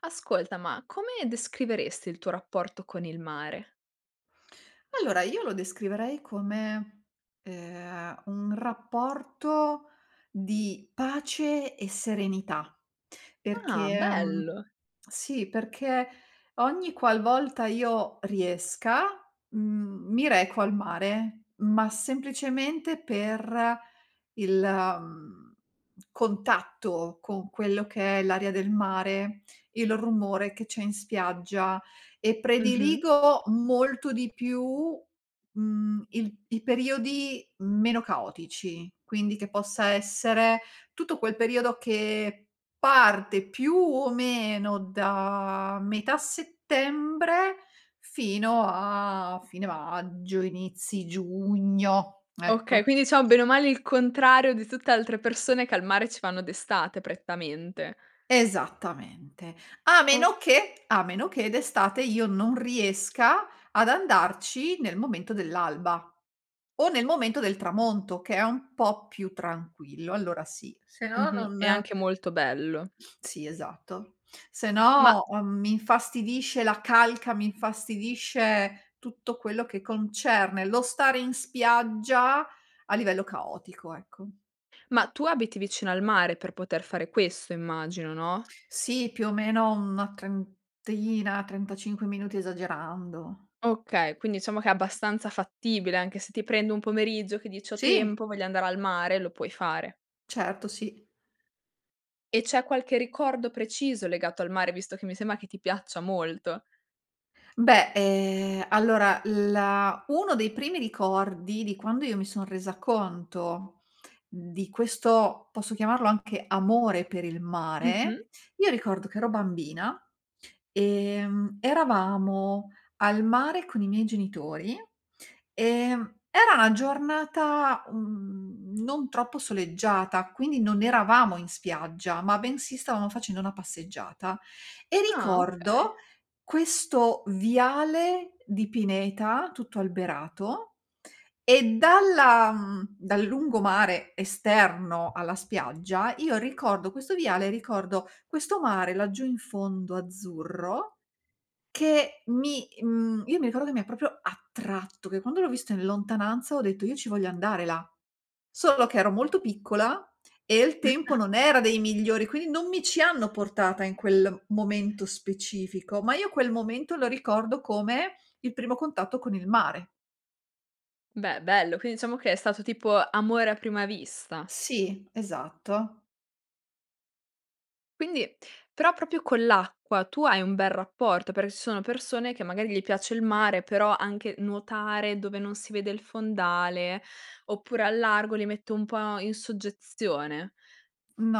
Ascolta, ma come descriveresti il tuo rapporto con il mare? Allora, io lo descriverei come, ehm, un rapporto di pace e serenità. Ah Perché, mhmm, bello! sì, perché ogni qualvolta io riesca, mhmm, mi reco al mare, ma semplicemente per il, mhmm, contatto con quello che è l'aria del mare, il rumore che c'è in spiaggia, e Mh-mh. prediligo molto di più, mhmm, il i periodi meno caotici. Quindi che possa essere, tutto quel periodo che parte, più o meno, da metà settembre fino a fine maggio, inizi giugno, Okay, ecco. quindi, ciao bene o male il contrario di tutte altre persone, che al mare ci vanno d'estate prettamente. Esattamente, a O meno che, a meno che, d'estate io non riesca ad andarci nel momento dell'alba, o nel momento del tramonto, che è un po' più tranquillo, allora sì. Sennò Mh-mh, è non anche molto bello. sì esatto, Ma sennò, uhm, mi infastidisce la calca, mi infastidisce tutto quello che concerne lo stare in spiaggia, a livello caotico, ecco. ma tu abiti vicino al mare per poter fare questo immagino, no? Sì, più o meno una trentina, trentacinque minuti esagerando. Okay, quindi diciamo che è abbastanza fattibile, anche se ti prendi un pomeriggio che dice: "Ho Sì. tempo voglio andare al mare", lo puoi fare. Certo, sì. E c'è qualche ricordo preciso legato al mare, visto che mi sembra che ti piaccia molto? Beh, ehm, allora la uno dei primi ricordi di quando io mi son resa conto di questo, posso chiamarlo anche amore per il Mh-mh. mare, io ricordo che ero bambina, ehm, eravamo al mare con i miei genitori, ehm, era una giornata, uhm, non troppo soleggiata, quindi non eravamo in spiaggia, ma bensì stavamo facendo una passeggiata, e Ah okay. ricordo questo viale di pineta tutto alberato e dalla, mhmm, dal lungomare esterno alla spiaggia, io ricordo questo viale, ricordo questo mare laggiù in fondo azzurro che mi, mhmm, io mi ricordo che mi ha proprio attratto, che quando l'ho visto in lontananza ho detto: "Io ci voglio andare là." Solo che ero molto piccola e il tempo [unintelligible] non era dei migliori, quindi non mi ci hanno portata in quel momento specifico, ma io quel momento lo ricordo come il primo contatto con il mare. Beh, bello. Quindi diciamo che è stato tipo amore a prima vista? Sì esatto. Quindi, però proprio con l'acqua, tu hai un bel rapporto? Perché ci sono persone, che magari gli piace il mare, però anche nuotare dove non si vede il fondale, oppure a largo, li mette un po' in soggezione.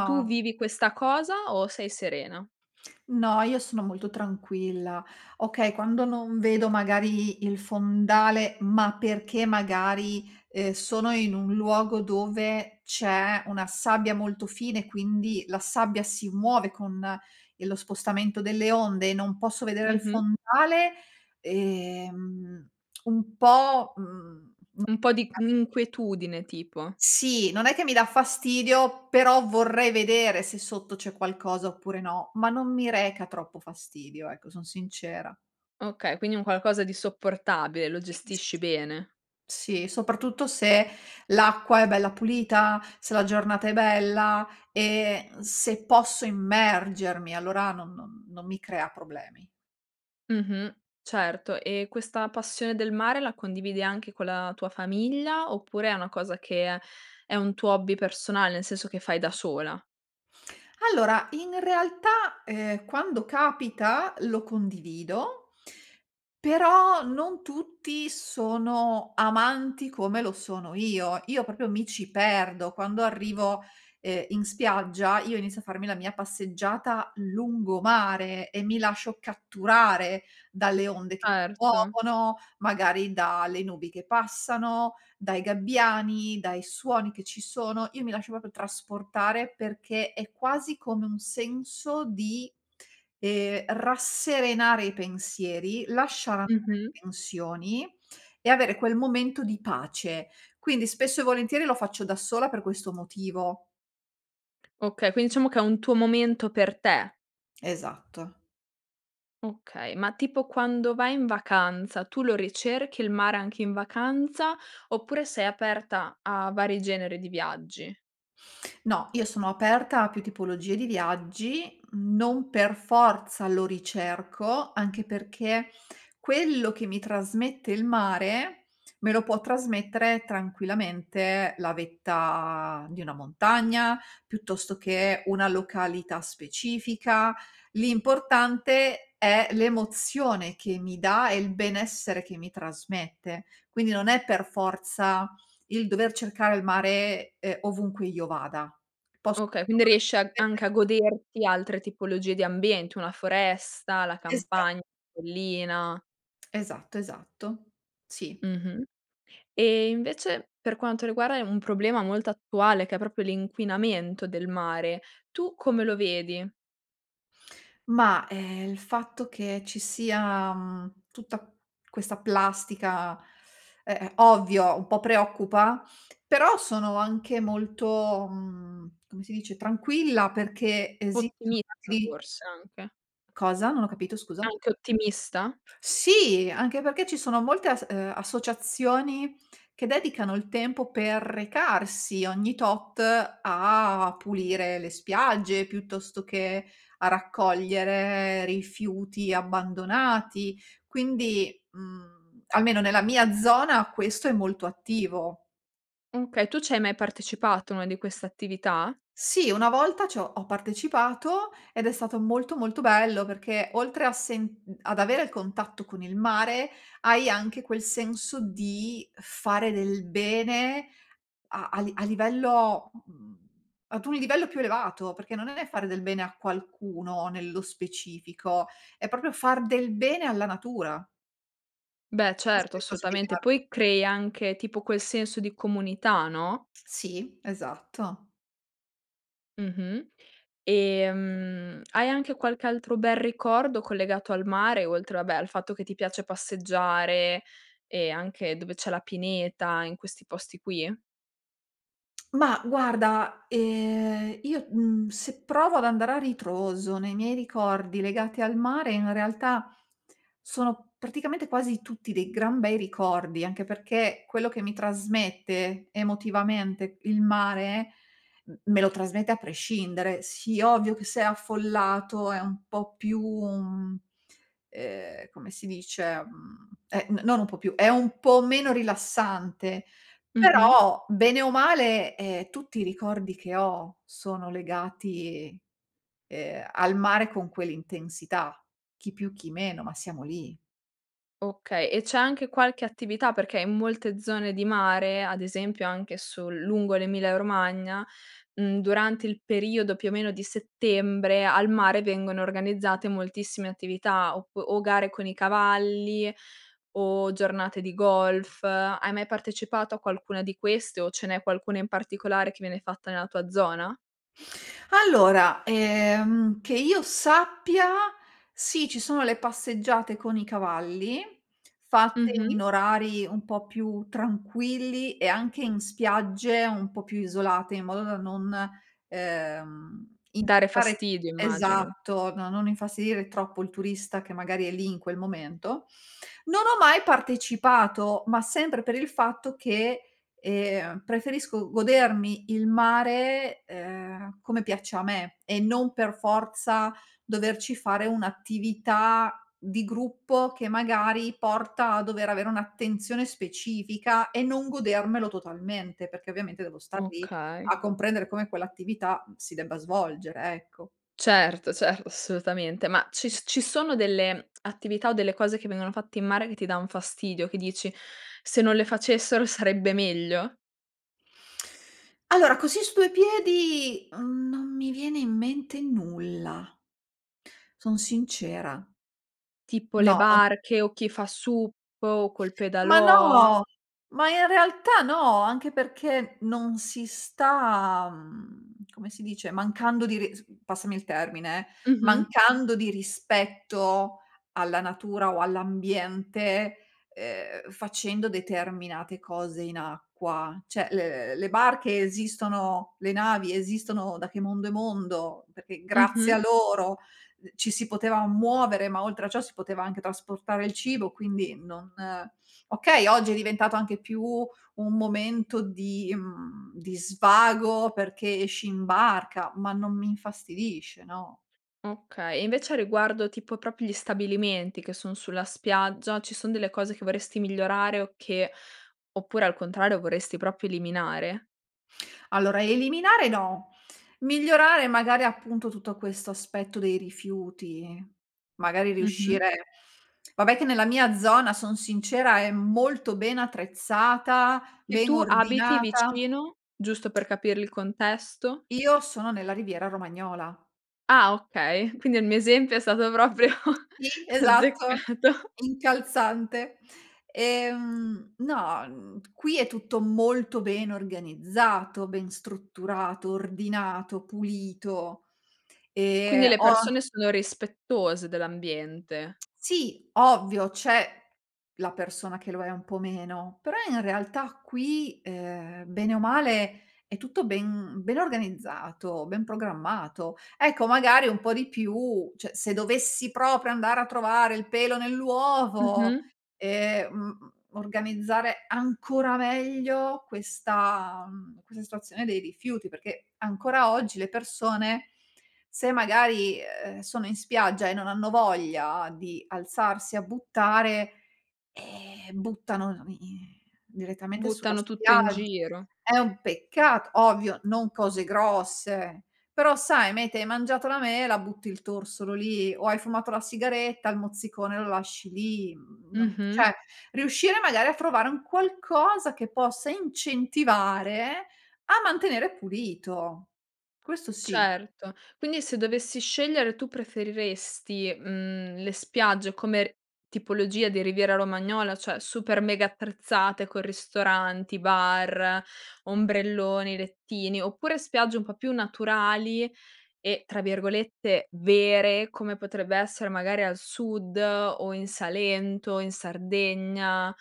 Tu vivi questa cosa o sei serena? No io sono molto tranquilla, okay, quando non vedo magari i il fondale, ma perché magari, ehm, sono in un luogo dove c'è una sabbia molto fine, quindi la sabbia si muove con il lo spostamento delle onde e non posso vedere il Mh-mh. fondale, ehm un po', uhm Un po' di [unintelligible] un' inquietudine tipo? Sì, non è che mi dà fastidio, però vorrei vedere se sotto c'è qualcosa oppure no, ma non mi reca troppo fastidio, ecco, son sincera. Okay, quindi un qualcosa di sopportabile, lo [unintelligible] gestisci bene. Sì, soprattutto se l'acqua è bella pulita, se la giornata è bella, e se posso immergermi allora non non non non mi crea problemi. Mh-mh, certo; e questa passione del mare la condividi anche con la tua famiglia, oppure è una cosa che, è un tuo hobby personale, nel senso che fai da sola? Allora, in realtà, ehm, quando capita, lo condivido, però non tutti sono amanti come lo sono io. Io, proprio, mi ci perdo. Quando earrivo, ehm, in spiaggia, io inizio a farmi la mia passeggiata lungomare, e mi lascio catturare dalle onde che ti Certo. muovono, magari, da le nubi che passano, dai gabbiani, dai suoni che ci sono, io mi lascio proprio trasportare, perché è quasi come un senso di, ehm, rasserenare i pensieri, lasciar andare Mh-mh. tensioni, e avere quel momento di pace. Quindi, spesso e volentieri, lo faccio da sola per questo motivo. Okay, quin diciamo che è un tuo momento per te. Esatto. Okay. Ma, tipo, quando vai in vacanza, tu lo ricerchi il mare anche in vacanza, oppure sei aperta a vari generi di viaggi? No, io sono aperta a più tipologie di viaggi, non per forza lo ricerco, anche perché quello che mi trasmette il mare, me lo può trasmettere tranquillamente la vetta di una montagna, piuttosto che una località specifica, l'importante è l'emozione che mi dà, e il benessere che mi trasmette. Quindi, non è per forza il dover cercare il mare, uhm, ovunque io vada pos Okay. Quindi, riesc a trovarlo anche a [unintelligible] goderti altre tipologie di ambienti, una foresta, la Esa campagn collina. Esatto, esatto. Sì. Mh-mh. E, invece, per quanto riguarda, è un problema molto attuale, che è proprio l'inquinamento del mare, tu come lo vedi? Mah, ehm, il fatto che ci sia, mhmm, tutta questa plastica, e ehm, ovvio un po' preoccupa però sono anche molto, mhmm, come si dice, tranquilla, perché esistono Ottimista [unintelligible] forse, anche. Cosa? Non ho capito, scusa. Anche ottimista? Sì, anche perché ci sono molte as uhm, associazioni che dedicano il tempo per recarsi ogni tot a pulire le spiagge, piuttosto che a raccogliere rifiuti abbandonati. Quindi, mhmm, almeno nella mia zona questo è molto attivo. Okay. Tu ci hai mai partecipato a una di quest'attività? Sì. Una volta c'ho ho partecipato, ed è stato molto, molto, bello, perché oltre a sen mhmm, ad avere il contatto con il mare, hai anche quel senso di fare del bene a a li a livello mhmm, ad un livello più elevato, perché non è fare del bene a qualcuno nello specifico, è proprio far del bene alla natura. Beh, Cosa certo. devi fa Assolutamente. spiegare? Poi, crei anche tipo quel senso di comunità, no? Sì, esatto. Mh-mh. E, mhmm, hai anche qualche altro bel ricordo collegato al mare, oltre vabbè al fatto che ti piace passeggiare e anche dove c'è la pineta, in questi posti qui? Ma guarda, ehm, io, mhmm, se provo ad andare a ritroso nei miei ricordi legati al mare in realtà sono praticamente quasi tutti dei gran bei ricordi, anche perché quello che mi trasmette emotivamente il mare m me lo trasmette a prescindere. Sì ovvio che se è affollato è un po' più, mhmm, ehm, come si dice, mhmm, è n non un po' più, è un po' meno rilassante, Mh-mh. però bene o male, ehm, tutti i ricordi che ho sono legati, ehm, al mare con quell'intensità. Chi più, chi meno ma siamo lì. Okay, e c'è anche qualche attività, perché in molte zone di mare, ad esempio anche sul lungo l'Emilia Romagna, mhmm, durante il periodo più o meno di settembre, al mare vengono organizzate moltissime attività oppu o gare con i cavalli o giornate di golf, hai mai partecipato a qualcuna di queste o ce n'è qualcuna in particolare che viene fatta nella tua zona? Allora, ehm, che io sappia sì, ci sono le passeggiate con i cavalli, fatte Mh-mh. in orari un po' più tranquilli e anche in spiagge un po' più isolate, in modo da non, ehm, in Dare dare fastidio, immagino. esatto, no, non infastidire troppo il turista che magari è lì in quel momento. Non ho mai partecipato, ma sempre per il fatto che, ehm, preferisco godermi il mare, ehm, come piace a me e non per forza doverci fare un'attività di gruppo, che magari porta a dover avere un'attenzione specifica e non godermelo totalmente, perché ovviamente devo star lì Okay. a comprendere come quell'attività si debba svolgere, ecco. Certo, cert assolutamente. Ma ci s ci sono delle, mhmm, attività o delle cose che vengono fatte in mare che ti danno fastidio, che dici: "Se non le facessero sarebbe meglio"? Allora, così su due piedi, mhmm, non mi viene in mente nulla. Son sincera. Tipo le No, no barche, o chi fa sup, o col Ma pedalò. no. Ma in realtà no, anche perché non si sta, mhmm, come si dice mancando di ris passami il termine eh, Mh-mh. mancando di rispetto alla natura o all'ambiente, ehm, facendo determinate cose in acqua. Cioè, le le barche esistono le navi esistono da che mondo e mondo, perché grazie Mh-mh. a loro d ci si poteva muovere, ma oltre a ciò si poteva anche trasportare il cibo quindi non okay, oggi è diventato anche più un momento di, mhmm, di svago perché esci in barca ma non mi infastidisce, no. Okay. E invece a riguardo tipo, proprio gli stabilimenti che son sulla spiaggia, ci son delle cose che vorresti migliorare o che oppure al contrario vorresti proprio eliminare? Allora, eliminare no. Migliorare magari appunto tutto questo aspetto dei rifiuti, magari Mh-mh. riuscire vabbè che nella mia zona, son sincera è molto ben attrezzata, E ben tu abiti ordinata. vicino? Giusto per capire il contesto. Io sono nella riviera romagnola. Ah okay. Quindi il mio esempio è stato proprio Ti esatto, azzeccato. incalzante. Ehm, no, mhmm, qui è tutto molto ben organizzato, ben strutturato, ordinato, pulito. Quindi Ehm le ho persone sono rispettose dell'ambiente. Sì, ovvio, c'è la persona che lo è un po' meno. Però in realtà qui, ehm, bene o male è tutto ben ben organizzato, ben programmato. Ecco magari un po' di più cioè, se dovessi proprio andare a trovare il pelo nell'uovo Mh-mh. e, mhmm, organizzare ancora meglio questa, mhmm, questa situazione dei rifiuti. Perché ancora oggi le persone se magari, ehm, sono in spiaggia e non hanno voglia di alzarsi a buttare, eh, buttano la mi direttamente sulla Buttano tutto in spiagg giro. è un peccat ovvio, non cose grosse, però sai mete hai mangiato la mela, butti il torsolo lì, o hai fumato la sigaretta, il mozzicone lo lasci lì. Mhmm, non Mh-mh. cioè, riuscire magari a trovare un qualcosa che possa incentivare a mantenere pulito. Questo sì. Certo. Quindi se dovessi scegliere tu, preferiresti, mhmm, le spiagge come tipologia di Riviera Romagnola, cioè super mega attrezzate, con ristoranti, bar, ombrelloni, lettini, oppure spiagge un po' più naturali, e tra virgolette "vere", come potrebbe essere magari al Sud o in Salento, in Sardegna?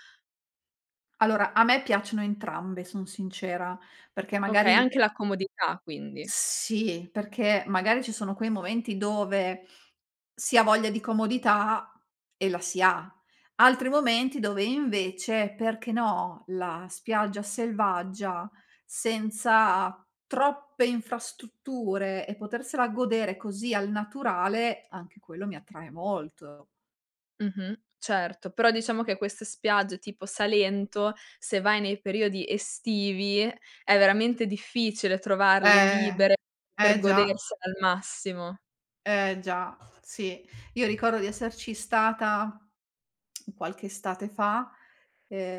Allora a me piacciono entrambe, son sincera. Perché Okay, anche magari la comodità quindi. Sì, perché magari ci sono quei momenti dove si ha voglia di comodità e la si ha. Altri momenti dove invece, perché no, la spiaggia selvaggia, senza troppe infrastrutture e potersela godere così al naturale, anche quello mi attrae molto. Mh-mh, certo. Però diciamo che queste spiagge tipo Salento, se vai nei periodi estivi è veramente difficile trovarle Eh, libere per eh già. godersele al massimo. Eh già, sì. Io ricordo di esserci stata qualche estate fa.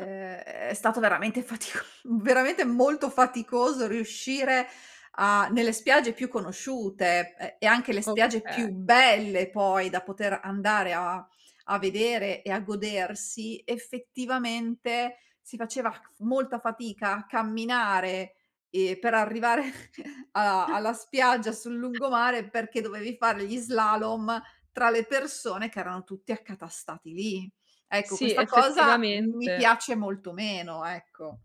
Ah. è stato veramente fatico veramente molto faticoso riuscire a nelle spiagge più conosciute e e anche le spiagge più Okay. belle poi da poter andare a a vedere e a godersi, effettivamente si faceva c f molta fatica a camminare e per arrivare a alla spiaggia sul lungomare, perché dovevi fare gli slalom tra le persone che erano tutti accatastati lì. Ecco, Sì, questa cosa mi effettivamente. piace molto meno, ecco.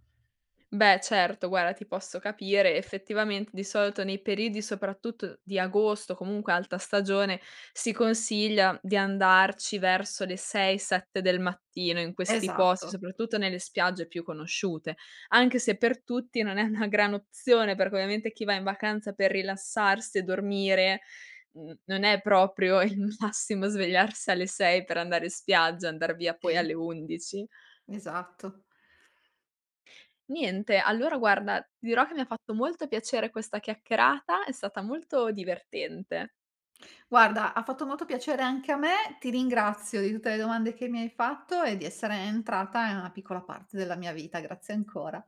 Beh, certo. Guarda, ti posso capire. Effettivamente di solito nei periodi soprattutto di agosto, comunque alta stagione, si consiglia di andarci verso le 6, 7 del mattino in questi posti. Esatto. Soprattutto nelle spiagge più conosciute. Anche se per tutti non è una gran opzione, perché ovviamente chi va in vacanza per rilassarsi e dormire, mhmm, non è proprio il massimo svegliarsi alle 6 per andare in spiaggia, andar via poi alle Te. 11. Esatto. Niente, allora guarda, ti dirò che mi ha fatto molto piacere questa chiacchierata, è stata molto divertente. Guarda, ha fatto molto piacere anche a me, ti ringrazio di tutte le domande che mi hai fatto e di essere entrata in una piccola parte della mia vita. Grazie ancora.